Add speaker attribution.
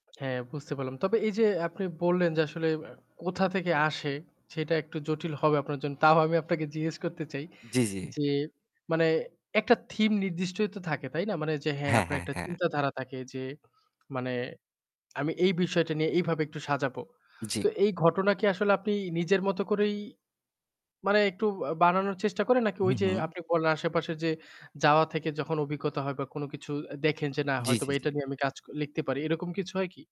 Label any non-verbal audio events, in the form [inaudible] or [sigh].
Speaker 1: [smacks lips] হ্যাঁ বুঝতে পারলাম। তবে এইযে আপনি বললেন, যে আসলে অ্যা কোথা থেকে আসে সেটা একটু জটিল হবে আপনার জন্য। তাও আমি আপনাকে জিজ্ঞেস করতে চাই
Speaker 2: জ্বি, জ্বি।
Speaker 1: যে মানে একটা থিম নির্দিষ্টই তো থাকে তাই না? মানে যে হ্যাঁ,
Speaker 2: হ্যাঁ,
Speaker 1: আপনার
Speaker 2: হ্যাঁ,
Speaker 1: একটা
Speaker 2: হ্যাঁ।
Speaker 1: চিন্তাধারা থাকে যে মানে আমি এই বিষয়টা নিয়ে এইভাবে একটু সাজাবো।
Speaker 2: জ্বি।
Speaker 1: তো এই ঘটনা কি আসলে আপনি নিজের মত করেই মানে একটু আ বানানোর চেষ্টা করে নাকি
Speaker 2: হুঁ,
Speaker 1: ওইযে
Speaker 2: হুঁ।
Speaker 1: আপনি বলেন, আশেপাশে যে যাওয়া থেকে যখন অভিজ্ঞতা হয় বা কোনো কিছু দেখেন যে না
Speaker 2: জ্বী,
Speaker 1: হয়তোবা
Speaker 2: জ্বী,
Speaker 1: এটা
Speaker 2: জ্বী।
Speaker 1: নিয়ে আমি কাজ লিখতে পারি। এরকম কিছু হয় কি?